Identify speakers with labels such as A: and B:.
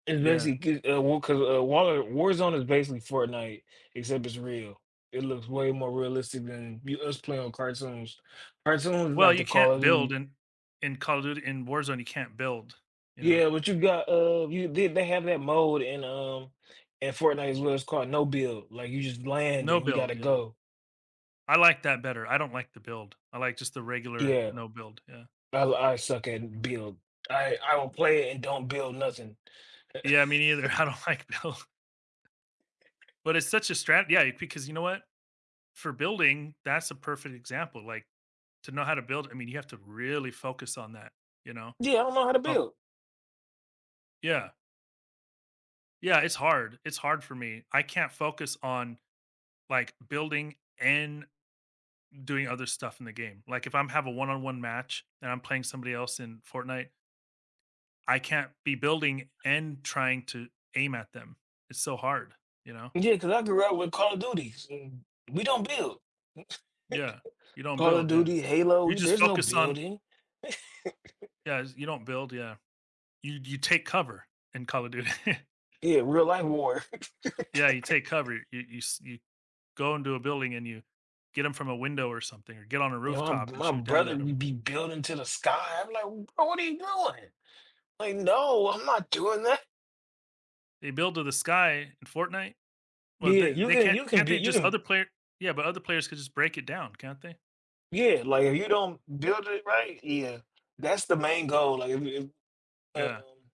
A: It's
B: Yeah.
A: basically g uh, well, 'cause, uh, War Warzone is basically Fortnite, except it's real. It looks way more realistic than you us playing on cartoons, cartoons is
B: Well,
A: like
B: you
A: the
B: can't
A: Call of
B: build
A: Duty
B: in in Call of Duty in Warzone you can't build, you know?
A: Yeah, but you got, uh, you they they have that mode in, um in Fortnite as well, it's called "No Build," like, you just land
B: No
A: and you gotta
B: build, yeah.
A: go.
B: I like that better, I don't like the build. I like just the regular
A: Yeah,
B: no build, yeah.
A: I l I suck at build. I I don't play it and don't build nothing.
B: Yeah, me neither. I don't like build. But it's such a strat yeah, because you know what? For building, that's a perfect example, like to know how to build, I mean, you have to really focus on that, you know?
A: Yeah, I don't know how to
B: Oh
A: build.
B: Yeah. Yeah, it's hard, it's hard for me. I can't focus on, like, building and doing other stuff in the game. Like, if I'm have a one-on-one match and I'm playing somebody else in Fortnite I can't be building and trying to aim at them. It's so hard, you know?
A: Yeah, 'cause I grew up with Call of Duties, and, we don't build.
B: Yeah, you don't
A: Call of
B: build, yeah.
A: Duty, Halo,
B: You
A: i
B: just
A: there's no
B: focus on
A: building.
B: Yeah, you don't build, yeah. You you take cover in Call of Duty.
A: Yeah, real-life war.
B: Yeah, you take cover. You you s y go into a building and you get 'em from a window or something, or get on a
A: You know, m
B: rooftop and
A: my
B: shoot down
A: brother
B: at 'em.
A: would be building in to the sky. I'd be like, "Bro, what are you doing?" Like, "No, I'm not doing that."
B: They build to the sky in Fortnite? Well,
A: Yeah,
B: they
A: you
B: they
A: can
B: can't
A: you can
B: can't
A: be
B: they
A: you
B: just
A: can
B: other player yeah, but other players can just break it down, can't they?
A: Yeah, like if you don't build it right yeah. That's the main goal, like if if
B: Yeah.
A: um